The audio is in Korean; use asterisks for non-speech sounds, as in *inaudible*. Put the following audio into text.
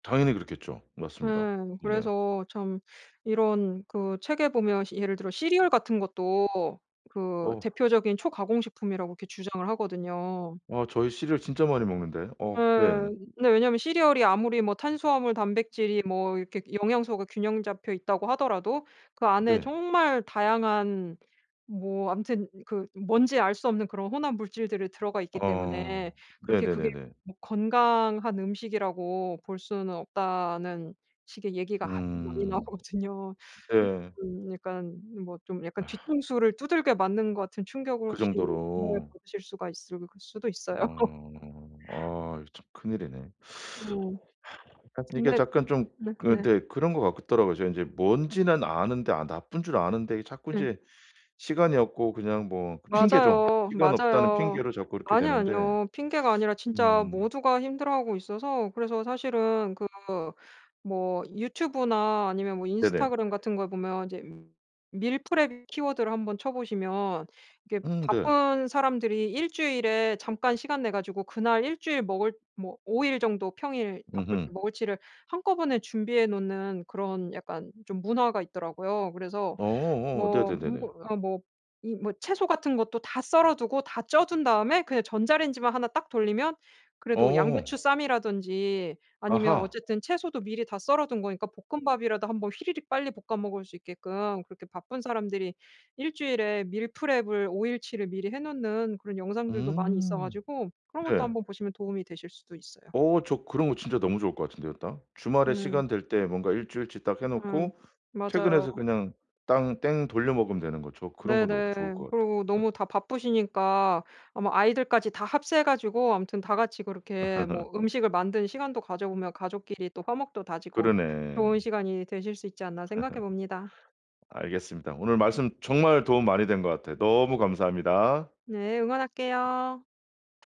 당연히 그렇겠죠. 맞습니다. 예. 네. 그래서 참 이런 그 책에 보면 시 예를 들어 시리얼 같은 것도 그 어. 대표적인 초가공 식품이라고 이렇게 주장을 하거든요. 아 저희 시리얼 진짜 많이 먹는데. 예. 어 네. 근데 왜냐하면 시리얼이 아무리 뭐 탄수화물 단백질이 뭐 이렇게 영양소가 균형 잡혀 있다고 하더라도 그 안에 네. 정말 다양한 뭐 암튼 그 뭔지 알 수 없는 그런 혼합 물질들이 들어가 있기 어 때문에 그렇게 그게 네네네네. 뭐 건강한 음식이라고 볼 수는 없다는 식의 얘기가 아주 많이 음 나오거든요. 그 네. 음 약간 뭐 좀 약간 아. 뒤통수를 두들겨 맞는 것 같은 충격을 그 혹시 *unintelligible* 정도로. 받으실 수가 있을 수도 있어요. 어 어 참 큰일이네. *sucks teeth* 네. *sighs* 하여튼 이게 근데 잠깐 좀 그 네네. 네. 그런 것 같더라고요. 제가 이제 뭔지는 아는데 아 나쁜 줄 아는데 자꾸 예. 인제 시간이 없고 그냥 뭐 그 핑계죠. 맞아요. 시간 없다는 맞아요. 핑계로 자꾸 이렇게 아니요, 되는데 아니요. 핑계가 아니라 진짜 음. 모두가 힘들어하고 있어서 그래서 사실은 그 뭐 유튜브나 아니면 뭐 네네. 인스타그램 같은 걸 보면 이제 밀프렙 키워드를 한번 쳐 보시면 이게 음 네. 바쁜 사람들이 1 주일에 잠깐 시간 내 가지고 그날 1 주일 먹을 뭐 5 일 정도 평일 밥을 으흠. 먹을 치를 한꺼번에 준비해 놓는 그런 약간 좀 문화가 있더라고요. 그래서 어 뭐 네네네네. 뭐 어 뭐 이 뭐 채소 같은 것도 다 썰어 두고 다 쪄 둔 다음에 그냥 전자레인지만 1 딱 돌리면 그래도 양배추 어. 쌈이라든지 아니면 아하. 어쨌든 채소도 미리 다 썰어둔 거니까 볶음밥이라도 한 번 휘리릭 빨리 볶아 먹을 수 있게끔 그렇게 바쁜 사람들이 1 주일에 밀프렙을 5 일치를 미리 해 놓는 그런 영상들도 많이 있어 음 가지고 그런 것도 네. 한번 보시면 도움이 되실 수도 있어요. 어 저 그런 거 진짜 너무 좋을 것 같은데요 딱. 주말에 음. 시간 될 때 뭔가 일주일치 딱 해 음. 놓고 맞아요. 퇴근해서 그냥 땅 땡 돌려 먹으면 되는 거 저 그런 거 너무 좋을 네네. 것 같아요. 그리고 응. 너무 다 바쁘시니까 아마 아이들까지 다 합세해 가지고 아무튼 다 같이 그렇게 *laughs* 뭐 음식을 만드는 시간도 가져보면 가족끼리 또 화목도 다지고 그러네. 좋은 시간이 되실 수 있지 않나 *laughs* 생각해 봅니다. 알겠습니다. 오늘 말씀 정말 도움 많이 된 것 같아요. 너무 감사합니다. 네. 응원할게요.